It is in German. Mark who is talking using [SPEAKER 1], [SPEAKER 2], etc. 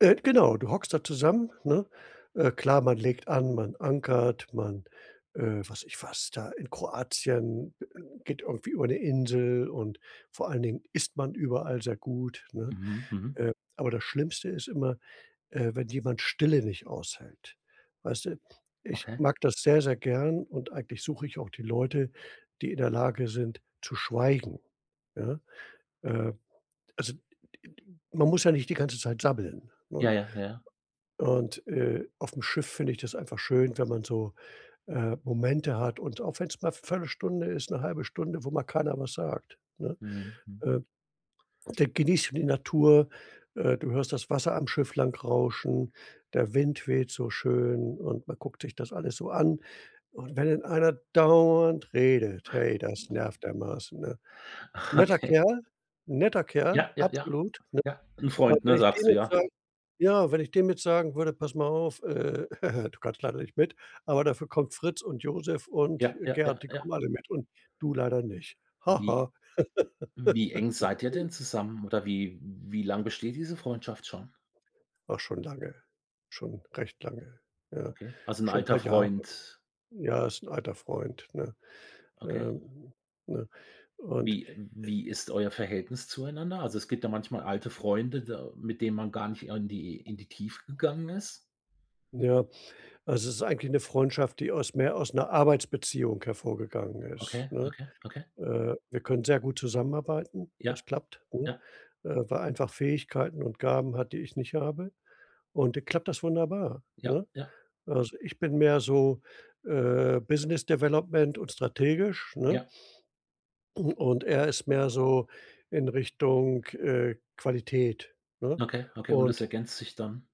[SPEAKER 1] Äh, genau, du hockst da zusammen, ne? Äh, klar, man legt an, man ankert, man äh, weiß ich was da, in Kroatien geht irgendwie über 'ne Insel und vor allen Dingen isst man überall sehr gut, ne?
[SPEAKER 2] Mhm, mhm.
[SPEAKER 1] Äh, aber das Schlimmste ist immer, äh, wenn jemand Stille nicht aushält, weißt du? Ich
[SPEAKER 2] Okay.
[SPEAKER 1] mag das sehr, sehr gern und eigentlich suche ich auch die Leute, die in der Lage sind zu schweigen, ja? Äh, also d d d man muss ja nicht die ganze Zeit sabbeln, ne?
[SPEAKER 2] Ja, ja, ja.
[SPEAKER 1] Und, äh, aufm Schiff finde ich das einfach schön, wenn man so, äh, Momente hat, und auch wenn's mal für 'ne Stunde ist, 'ne 1/2 Stunde, wo mal keiner was sagt, ne?
[SPEAKER 2] Mhm, mhm.
[SPEAKER 1] Äh, da genießt du die Natur, äh, du hörst das Wasser am Schiff lang rauschen, der Wind weht so schön und man guckt sich das alles so an und wenn dann einer dauernd redet, hey, das nervt dermaßen, ne? Netter
[SPEAKER 2] Okay.
[SPEAKER 1] Kerl, 'n netter Kerl,
[SPEAKER 2] Ja, ja, ja.
[SPEAKER 1] absolut, ne?
[SPEAKER 2] Ja, 'n
[SPEAKER 1] Aber
[SPEAKER 2] Freund,
[SPEAKER 1] wenn
[SPEAKER 2] ne?
[SPEAKER 1] ich
[SPEAKER 2] Sagst
[SPEAKER 1] dem
[SPEAKER 2] du
[SPEAKER 1] jetzt
[SPEAKER 2] ja?
[SPEAKER 1] sagen ja, wenn ich dem jetzt sagen würde: „Pass mal auf, äh, du kannst leider nicht mit, aber dafür kommt Fritz und Josef und
[SPEAKER 2] Ja, ja, ja,
[SPEAKER 1] Gerd, die
[SPEAKER 2] ja.
[SPEAKER 1] kommen alle mit und du leider nicht.
[SPEAKER 2] Wie
[SPEAKER 1] Haha.“
[SPEAKER 2] wie eng seid ihr denn zusammen oder wie wie lang besteht diese Freundschaft schon?
[SPEAKER 1] Ach, schon lange, schon recht lange, ja.
[SPEAKER 2] Okay. Also 'n
[SPEAKER 1] Schon 'n paar
[SPEAKER 2] alter
[SPEAKER 1] Jahre.
[SPEAKER 2] Freund?
[SPEAKER 1] Ja, ist alter Freund, ne?
[SPEAKER 2] Okay.
[SPEAKER 1] Ähm, ne, und
[SPEAKER 2] Wie e wie ist euer Verhältnis zueinander? Also es gibt da manchmal alte Freunde, da mit denen man gar nicht in die in die Tiefe gegangen ist.
[SPEAKER 1] Ja, es ist eigentlich 'ne Freundschaft, die aus mehr aus 'ner Arbeitsbeziehung hervorgegangen ist,
[SPEAKER 2] Okay,
[SPEAKER 1] ne?
[SPEAKER 2] okay, okay.
[SPEAKER 1] Äh, wir können sehr gut zusammenarbeiten,
[SPEAKER 2] Ja,
[SPEAKER 1] das klappt, ne?
[SPEAKER 2] ja.
[SPEAKER 1] Äh, weil er einfach Fähigkeiten und Gaben hat, die ich nicht habe und da klappt das wunderbar,
[SPEAKER 2] Ja,
[SPEAKER 1] ne?
[SPEAKER 2] ja.
[SPEAKER 1] Also ich bin mehr so, äh, Business Development und strategisch, ne?
[SPEAKER 2] Ja.
[SPEAKER 1] Und er ist mehr so in Richtung, äh, Qualität, ne?
[SPEAKER 2] Okay, okay, und es
[SPEAKER 1] Und
[SPEAKER 2] ergänzt sich dann?